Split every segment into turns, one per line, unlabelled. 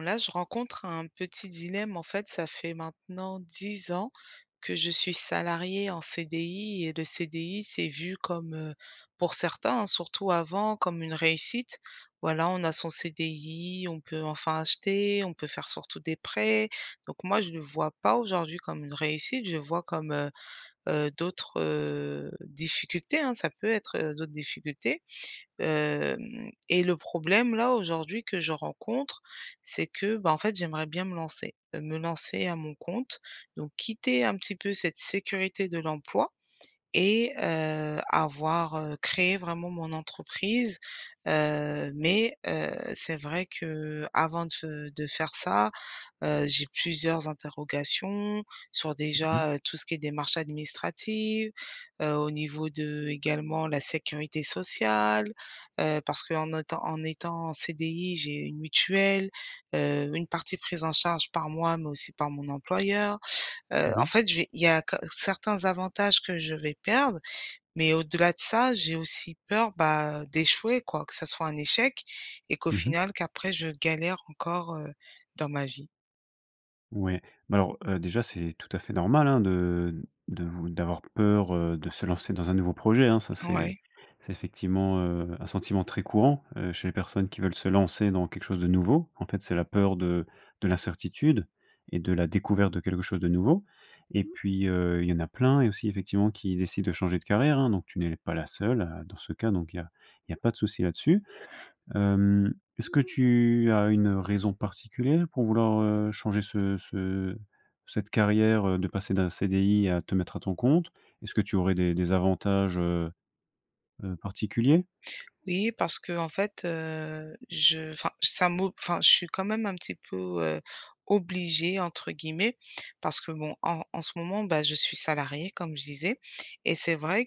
Là, je rencontre un petit dilemme, en fait, ça fait maintenant 10 ans que je suis salariée en CDI. Et le CDI c'est vu comme, heu, pour certains, hein, surtout avant, comme une réussite. Voilà, on a son CDI, on peut enfin acheter, on peut faire surtout des prêts, donc moi je le vois pas aujourd'hui comme une réussite, je le vois comme, heu heu, d'autres, heu, difficultés, hein, ça peut être, heu, d'autres difficultés. Hem, et le problème là aujourd'hui que je rencontre, c'est que, bah, en fait j'aimerais bien me lancer, heu, me lancer à mon compte. Donc quitter un petit peu cette sécurité de l'emploi et heu, avoir heu, créer vraiment mon entreprise. Heu, mais, heu, c'est vrai qu'avant de f heu, de faire ça, heu, j'ai plusieurs interrogations, sur
Mmh mh.
déjà, heu, tout ce qui est démarches administratives, heu, au niveau de également la sécurité sociale. Heu, parce qu'en autant en étant en CDI, j'ai une mutuelle, heu, une partie prise en charge par moi, mais aussi par mon employeur. Heu, en
Oui.
fait j'ai il y a que certains avantages, que je vais perdre. Mais au-delà de ça, j'ai aussi peur, bah, d'échouer quoi. Que ça soit un échec et qu'au
Mmh mh.
final, qu'après je galère encore, heu, dans ma vie.
Ouais. Mais alors, heu, déjà c'est tout à fait normal, hein, de de vou d'avoir peur, heu, de se lancer dans un nouveau projet, hein. Ça c'est
Ouais.
c'est effectivement, heu, un sentiment très courant, heu, chez les personnes qui veulent se lancer dans quelque chose de nouveau. En fait, c'est la peur de de l'incertitude, et de la découverte de quelque chose de nouveau, et puis, heu, il y en a plein et aussi, effectivement, qui décident de changer de carrière, hein, donc tu n'es pas la seule, heu, dans ce cas donc il y a il y a pas de souci là-dessus. Hem, est-ce que tu as une raison particulière pour vouloir, heu, changer ce ce cette carrière, heu, de passer d'un CDI à te mettre à ton compte? Est-ce que tu aurais des des avantages, heu heu, particuliers?
Oui, parce qu'en fait, heu, je enfin ça mo enfin je suis quand même un petit peu, heu, «obligée» entre guillemets. Parce que bon, en en ce moment, bah je suis salariée, comme je disais, et c'est vrai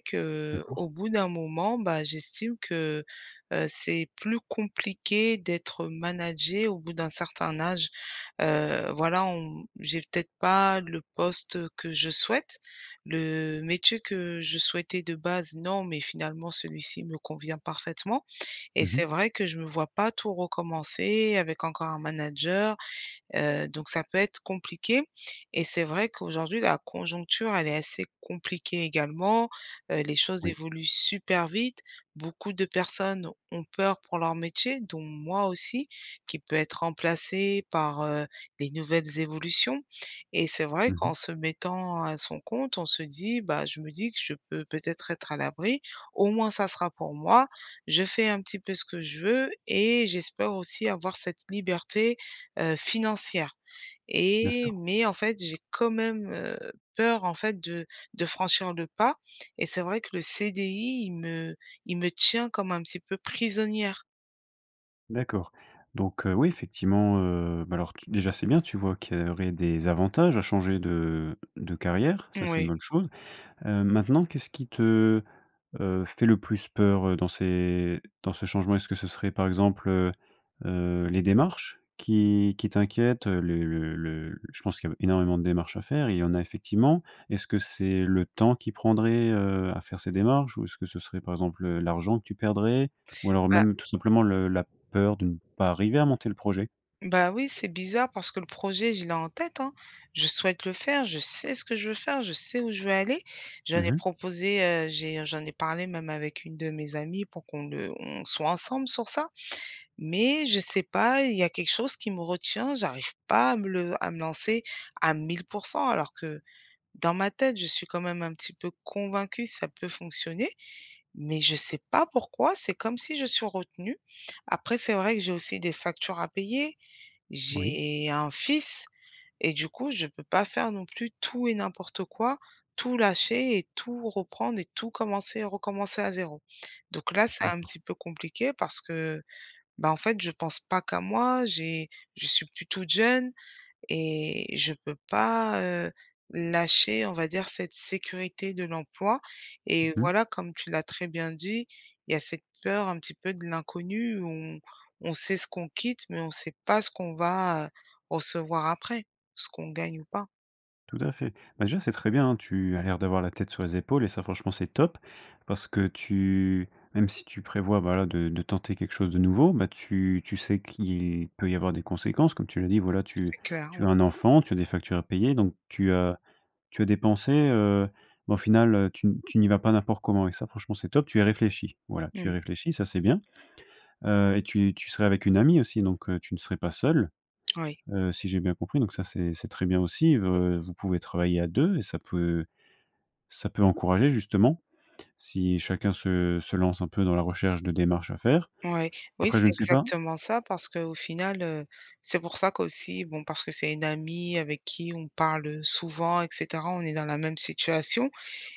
D'accord.
qu'au bout d'un moment, bah, j'estime que, heu, c'est plus compliqué d'être managée au bout d'un certain âge. Heu, voilà on j'ai peut-être pas le poste que je souhaite, le métier que je souhaitais de base, non, mais finalement celui-ci me convient parfaitement, et
Mmh
c'est
mh.
vrai que je me vois pas tout recommencer avec encore un manager, heu, donc ça peut être compliqué, et c'est vrai qu'aujourd'hui la conjoncture elle est assez compliquée, également, heu, les choses
Oui.
évoluent super vite, beaucoup de personnes ont peur pour leur métier, dont moi aussi, qui peut être remplacé par, heu, les nouvelles évolutions, et c'est vrai
Mmh mh.
qu'en se mettant à son compte, on se dit, bah, je me dis que je peux peut-être être à l'abri, au moins ça sera pour moi. Je fais un petit peu ce que je veux et j'espère aussi avoir cette liberté, heu, financière,
Bien
et
sûr.
mais en fait j'ai quand même, heu, peur, en fait de de franchir le pas, et c'est vrai que le CDI il me il me tient comme un petit peu prisonnière.
D'accord. Donc heu, oui, effectivement, heu, bah, alors, tu déjà, c'est bien, tu vois qu'il y aurait des avantages à changer de de carrière. Ça, c'est une
Mouais.
bonne chose. Heu, maintenant, qu'est-ce qui te, heu, fait le plus peur, heu, dans ces dans ce changement? Est-ce que ce serait, par exemple, heu heu, les démarches qui qui t'inquiètent? Heu les le le le je pense qu'il y a b énormément de démarches à faire et il y en a effectivement. Est-ce que c'est le temps qui prendrait, heu, à faire ces démarches? Ou est-ce que ce serait, par exemple, heu, l'argent que tu perdrais? Ou alors,
Bah
même, tout simplement, le la peur de ne pas arriver à monter le projet?
Bah, oui, c'est bizarre parce que le projet, je l'ai en tête, hein. Je souhaite le faire, je sais ce que je veux faire, je sais où je veux aller. J'en
Mmh
ai
mh.
proposé, heu, j'ai, heu, j'en ai parlé, même, avec une de mes amies pour qu'on le on soit ensemble sur ça. Mais je sais pas, il y a quelque chose qui me retient. J'arrive pas à me le à me lancer à 1 000 % alors que, dans ma tête, je suis, quand même, un petit peu convaincue, ça peut fonctionner. Mais je sais pas pourquoi, c'est comme si je suis retenue. Après, c'est vrai que j'ai aussi des factures à payer.
Oui.
J'ai un fils. Et du coup, je peux pas faire, non plus, tout et n'importe quoi, tout lâcher et tout reprendre et tout commencer et recommencer à 0. Donc là, c'est un
D'accord.
petit peu compliqué parce que, bah, en fait, je pense pas qu'à moi, j'ai je suis plus toute jeune. Et je peux pas, heu, lâcher, on va dire, cette sécurité de l'emploi. Et
Mmh mh.
voilà, comme tu l'as très bien dit, il y a cette peur un petit peu de l'inconnu, où on on sait ce qu'on quitte mais on sait pas ce qu'on va, heu, recevoir après. Ce qu'on gagne ou pas.
Tout à fait. Bah, déjà c'est très bien, hein, tu as l'air d'avoir la tête sur les épaules et ça franchement c'est top, parce que tu même si tu prévois, voilà, de de tenter quelque chose de nouveau, bah, tu tu sais qu'il peut y avoir des conséquences. Comme tu l'as dit, voilà tu
C'est clair,
tu as
ouais.
un enfant, tu as des factures à payer donc tu as tu as des pensées heu, ben, au final, heu, tu n tu n'y vas pas n'importe comment et ça franchement c'est top, tu es réfléchie, voilà. Tu es
Mmh.
réfléchie, ça c'est bien. Heu et tu et tu serais avec une amie, aussi, donc, heu, tu ne serais pas seule.
Oui.
Heu, si j'ai bien compris, donc ça c'est c'est très bien aussi v
Oui.
heu, vous pouvez travailler à 2 et ça peut ça peut encourager justement, si chacun se se lance un peu dans la recherche de démarches à faire.
Ouais. Oui,
Après je
c'est
ne sais pas?
exactement ça parce qu'au final, heu, c'est pour ça qu'aussi bon parce que c'est une amie avec qui on parle, heu, souvent et cetera, on est dans la même situation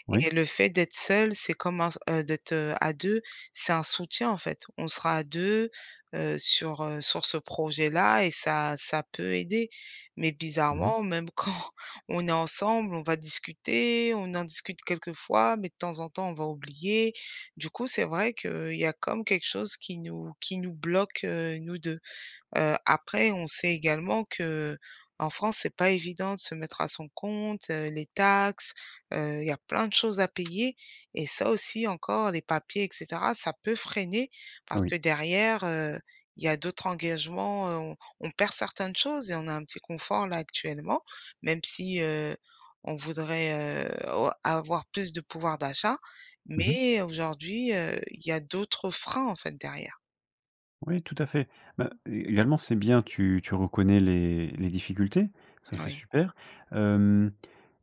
Ouais.
et le fait d'être seule, c'est comme un s heu, d'être, heu, à 2 c'est un soutien, en fait. On sera à 2, heu, sur, heu, sur ce projet-là et ça ça peut aider. Mais
Mmh mh.
bizarrement, même quand on est ensemble, on va discuter, on en discute quelques fois, mais de temps en temps on va oublier. Du coup, c'est vrai qu'il y a comme, quelque chose qui nous qui nous bloque, heu, nous 2. Heu, après on sait également qu'en France c'est pas évident de se mettre à son compte, heu, les taxes, heu, il y a plein de choses à payer et ça aussi, encore, les papiers et cetera ça peut freiner, parce
Oui.
que derrière, heu, il y a d'autres engagements, heu, on on perd certaines choses et on a un petit confort là actuellement. Même si, heu, on voudrait, heu, au avoir plus de pouvoir d'achat
Mmh mh.
mais aujourd'hui, heu, il y a d'autres freins, en fait, derrière.
Oui, tout à fait, ben, é également c'est bien tu tu reconnais les les difficultés, ça c'est
Oui.
super. Hem,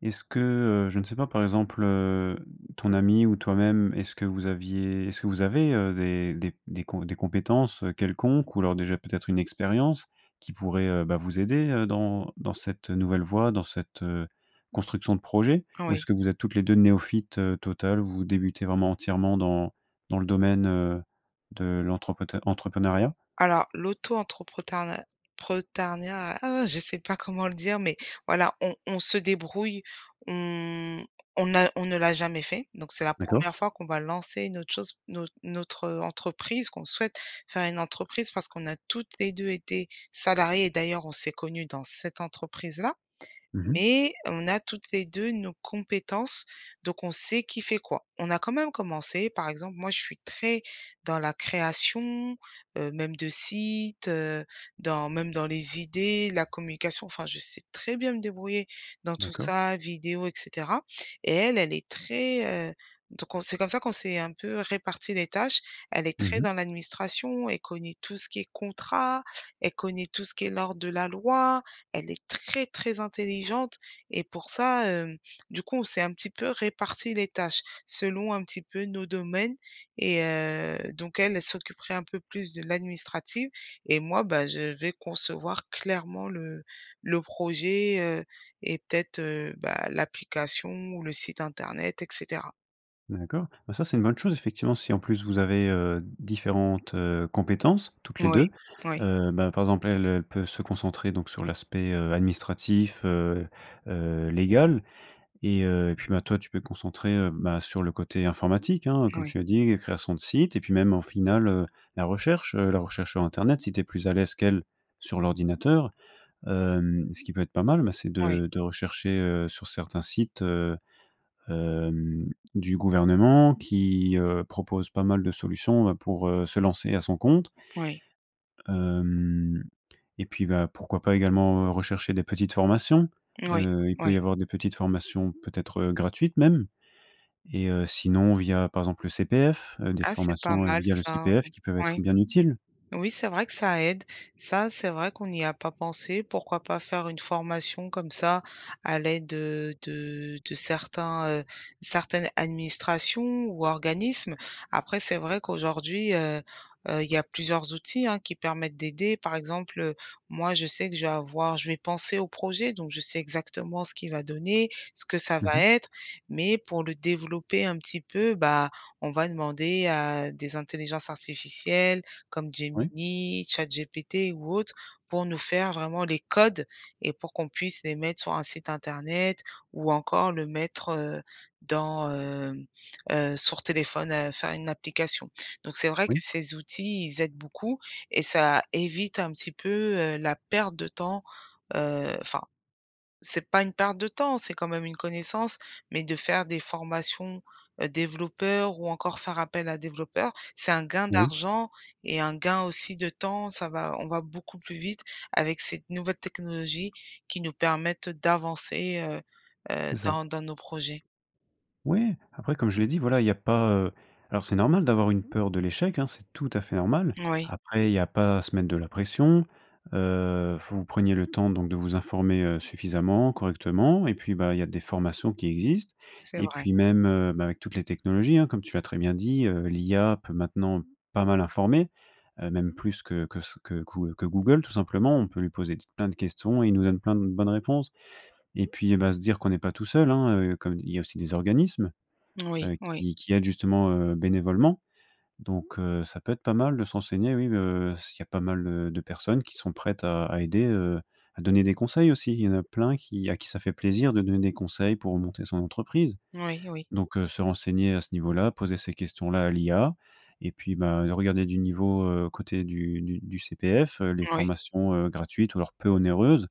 est-ce que, heu, je ne sais pas, par exemple, heu, ton amie ou toi-même, est-ce que vous aviez est-ce que vous avez, heu, des des p des com des compétences, heu, quelconques ou alors déjà peut-être une expérience qui pourrait, heu, bah, vous aider, heu, dans dans cette, heu, nouvelle voie dans cette, heu, construction de projet? Ou est-ce
Oui.
que vous êtes toutes les 2 néophytes, heu, totales, vous débutez vraiment entièrement dans dans le domaine, heu, de l'entreprète entrepreneuriat?
Alors, l'auto-entrepreneuriat ah, je sais pas comment le dire mais voilà on on se débrouille, on on n'a on ne l'a jamais fait, donc c'est la
D'accord.
1re fois qu'on va lancer une autre chose notre notre, heu, entreprise qu'on souhaite faire une entreprise parce qu'on a toutes les 2 été salariées et d'ailleurs on s'est connues dans cette entreprise-là.
Mmh mh.
Mais on a toutes les 2 nos compétences, donc on sait qui fait quoi. On a quand même commencé, par exemple moi je suis très, dans la création, heu, même de site, heu, dans même dans les idées, la communication enfin je sais très bien me débrouiller dans tout
D'accord.
ça, vidéo et cetera. Et elle, elle est très heu, donc on c'est comme ça qu'on s'est un peu réparties les tâches. Elle est
Mmh
très
mh.
dans l'administration, elle connait tout ce qui est contrat, elle connaît tout ce qui est l'ordre de la loi, elle est très très intelligente et pour ça, hem, du coup on s'est un petit peu réparti les tâches. Selon un petit peu nos domaines et heu, donc elle, elle s'occuperait un peu plus de l'administrative et moi, bah, je vais concevoir clairement le le projet, heu, et peut-être, heu, bah, l'application ou le site internet et cetera.
D'accord. Bah ça c'est une bonne chose, effectivement, si en plus vous avez, heu, différentes, heu, compétences, toutes les
Oui.
2.
Oui.
Heu bah par exemple elle, elle peut se concentrer donc sur l'aspect, heu, administratif, heu heu, légal. Et heu, et puis, bah, toi tu te peux concentrer, heu, bah sur le côté informatique, hein, comme
Oui.
tu l'as dit, création de site. Et puis même au final, heu, la recherche, heu, la recherche sur internet si tu es plus à l'aise qu'elle sur l'ordinateur. Hem, ce qui peut être pas mal, bah c'est
Oui.
de de rechercher, heu, sur certains sites, heu, hem, du gouvernement qui, heu, proposent pas mal de solutions bah, pour, heu, se lancer à son compte
Oui.
hem, et puis bah, pourquoi pas également, heu, rechercher des petites formations?
Oui.
Heu, il peut
Oui.
y avoir des petites formations, peut-être, heu, gratuites, même. Et, heu, sinon via par exemple le CPF, heu, des
Ah, c'est pas
formations, heu,
mal,
via le
ça.
CPF qui peuvent être
Oui.
bien utiles.
Oui, c'est vrai que ça aide. Ça, c'est vrai qu'on n'y a pas pensé, pourquoi pas faire une formation comme ça, à l'aide heu, de de certains, heu, certaines administrations ou organismes. Après c'est vrai qu'aujourd'hui, heu heu, il y a plusieurs outils hein, qui permettent d'aider. Par exemple, heu, moi je sais que je vais avoir je vais penser au projet. Donc je sais exactement ce qui va donner, ce que ça
Mmh
va
mh.
être. Mais pour le développer un petit peu, bah on va demander à des intelligences artificielles comme
Oui.
Gemini, Chat GPT ou autre, pour nous faire vraiment les codes, et pour qu'on puisse les mettre sur un site internet ou encore le mettre, heu, dans hem, heu, sur téléphone, heu, faire une application. Donc c'est vrai que
Oui.
ces outils, ils aident beaucoup, et ça évite un petit peu, heu, la perte de temps heu, enfin, c'est pas une perte de temps, c'est quand même une connaissance, mais de faire des formations, heu, développeurs ou encore faire appel à développeur, c'est un gain
Oui.
d'argent et un gain aussi de temps, ça va on va beaucoup plus vite avec cette nouvelle technologie qui nous permettent d'avancer, heu heu,
C'est ça.
dans dans nos projets.
Oui. Après comme je l'ai dit, voilà, il y a pas heu alors c'est normal d'avoir une peur de l'échec, hein, c'est tout à fait normal.
Moui.
Après il y a pas à se mettre de la pression. Heu, vous preniez le temps donc de vous informer, heu, suffisamment, correctement. Et puis bah, il y a des formations qui existent.
C'est
Et
vrai.
puis même, heu, bah avec toutes les technologies hein, comme tu l'as très bien dit, heu, l'IA peut maintenant pas mal informer. Heu, même plus que que ce que quou que Google tout simplement. On peut lui poser ts plein de questions et il nous donne plein de bonnes réponses. Et puis bah, se dire qu'on n'est pas tout seul, hein, heu, comme il y a aussi des organismes,
Moui,
heu,
oui.
qui qui aident justement, heu, bénévolement. Donc, heu, ça peut être pas mal de se renseigner oui, heu, s'il y a pas mal de personnes qui sont prêtes à à aider, heu, à donner des conseils, aussi. Il y en a plein qui à qui ça fait plaisir de donner des conseils pour monter son entreprise.
Oui, oui.
Donc, heu, se renseigner à ce niveau-là, poser ces questions-là à l'IA. Et puis bah, regarder du niveau, heu côté du du du CPF, heu, les
Oui.
formations, heu, gratuites ou alors peu onéreuses,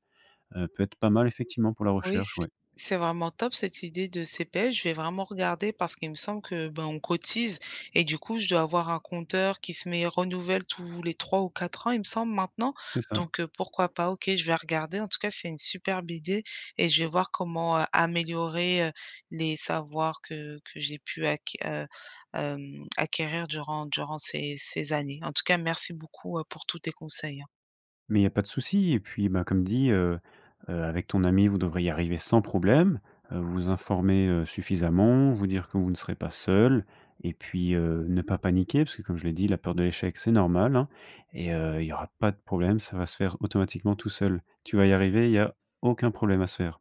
heu, peut être pas mal effectivement pour la
Oui,
recherche,
s
ouais.
c'est vraiment top, cette idée de CPF. Je vais vraiment regarder, parce qu'il me semble que ben, on cotise. Et du coup je dois avoir un compteur qui se met renouvelle tous les 3 ou 4 ans il me semble maintenant.
C'est ça.
Donc, heu, pourquoi pas? OK, je vais regarder. En tout cas c'est une superbe idée et je vais voir comment, heu, améliorer, heu, les savoirs que que j'ai pu acqui heu, hem acquérir, durant durant ces ces années. En tout cas merci beaucoup, heu, pour tous tes conseils, hein.
Mais il y a pas de souci. Et puis bah, comme dit, heu heu avec ton amie, vous devriez arriver sans problème, heu, vous informer, heu, suffisamment, vous dire que vous ne serez pas seules. Et puis, heu, ne pas paniquer puisque comme je l'ai dit, la peur de l'échec, c'est normal, hein. Et heu, il y aura pas de problème, ça va se faire automatiquement tout seul. Tu vas y arriver, il y a aucun problème à se faire.